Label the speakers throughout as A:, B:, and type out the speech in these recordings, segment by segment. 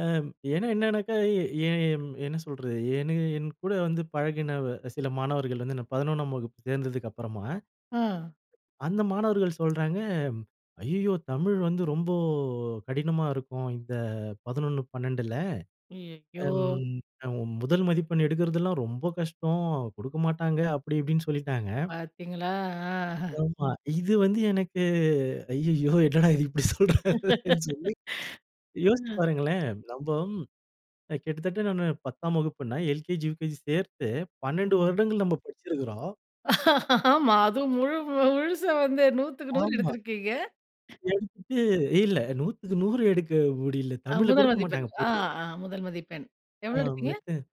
A: அம், ஏன்னா என்னனாக்கா, எ எம் என்ன சொல்றது? எனு என்கூட வந்து பழகின வ சில மாணவர்கள் வந்து, நான் 11ஆம் வகுப்பு சேர்ந்ததுக்கு அப்பறமா,
B: அ,
A: அந்த மாணவர்கள் சொல்றாங்க, "ஐய்யய்யோ! தமிழ் வந்து ரொம்ப கடினமா இருக்கும். இந்த 11, 12ல
B: ஐய்யய்யோ!
A: அம் அ முதல் மதிப்பெண் எடுக்கிறதெல்லாம் ரொம்ப கஷ்டம். குடுக்கமாட்டாங்க" அப்பிடி இப்பிடின்னு சொல்லிட்டாங்க.
B: பாத்தீங்களா! ஆ, அஹ,
A: ஆமா. இது வந்து எனக்கு, ஐயய்யோ! என்னடா இது இப்பிடி சொல்றாங்களேன்னு சொல்லி. யோசித்து
B: ஆ
A: பாருங்களேன்! நம்ப அ கிட்டத்தட்ட நானு 10ஆம் வகுப்புன்னா, எல்கேஜி, யுகேஜி சேர்த்து 12
B: [unintelligible]
A: வருடங்கள் நம்ப படிச்சிருக்குறோம்.
B: ஆமா, அதுவும் முழு முழுச வந்து 100க்கு 100
A: ஆமா.
B: எடுத்திருக்கீங்க!
A: எடுத்துட்டு இல்ல 100க்கு 100 எடுக்க முடியல.
B: அ
A: தமிழ்ல
B: முதல்
A: குடுக்க
B: மதிப்பெண்.
A: மாட்டாங்க
B: ஆ,
A: பொதுவா.
B: அ முதல் மதிப்பெண். எவ்ளோ
A: ஆம்
B: எடுத்தீங்க?
A: [unintelligible]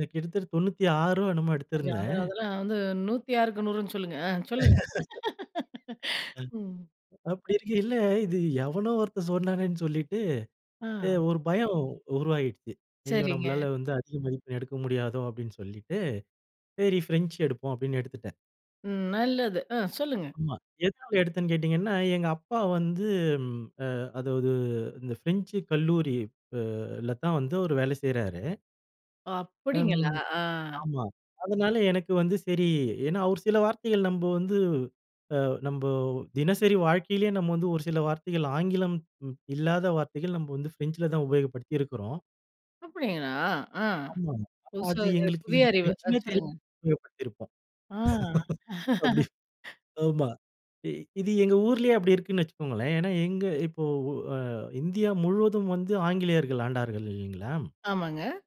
A: அ கிட்டத்தட்ட 96ஓ என்னமோ
B: ஐயோ! அது,
A: எடுத்திருந்தேன்.
B: அதெல்லாம் வந்து 106க்கு 100ன்னு சொல்லுங்க. அ சொல்லுங்க ம்.
A: அ, அப்படி இருக்கயில, இது எவனோ ஒருத்தன் சொன்னானேன்னு சொல்லிட்டு, அ
B: அ,
A: ஒரு பயம் உருவாயிருச்சு, "ஐயோ!
B: சரிங்க.
A: நம்பளால வந்து அதிக மதிப்பெண் எடுக்க முடியாதோ!" அப்பிடின்னு சொல்லிட்டு, "சரி. பிரெஞ்ச் எடுப்போம்" அப்பிடின்னு எடுத்துட்டேன்.
B: ம், நல்லது. ஆ, சொல்லுங்க.
A: ஆமா. எதனால எடுத்தேன்ன்னு கேட்டீங்கன்னா, எங்க அப்பா வந்து ம் அ அதுவது இந்த பிரெஞ்சு கல்லூரி ப லதான் வந்து அவரு வேல செய்றாரு.
B: ஓ! அப்பிடிங்களா?
A: ம்
B: ஆ.
A: ஆமா. அதனால எனக்கு வந்து சரி, ஏன்னா ஒரு சில வார்த்தைகள் நம்ப வந்து, அ நம்ப தினசரி வாழ்க்கையிலயே நம்ம வந்து, ஒரு சில வார்த்தைகள், ஆங்கிலம் ம் இல்லாத வார்த்தைகள் நம்ப வந்து ஃப்ரெஞ்சில தான் உபயோகப்படுத்தியிருக்கிறோம்.
B: அப்பிடிங்களா! ஆ
A: ஆமா, ஆமா.
B: புதுசா
A: அது
B: அது,
A: எங்களுக்கு
B: புதிய
A: இது
B: அறிவு. ஆ
A: ஃபிரென்ச்சுன்னே தெரியாம
B: சொல்லுங்க.
A: உபயோகப்படுத்தியிருப்போம்
B: ஆ
A: அப்பிடி, ஆமா. அ இது எங்க ஊர்லயே அப்பிடி இருக்குன்னு வச்சிக்கோங்களேன். ஏன்னா எங்க, இப்போ ஒ அ இந்தியா முழுவதும் வந்து ஆங்கிலேயர்கள் ஆண்டார்கள் இல்லேங்களா!
B: ஆமாங்க.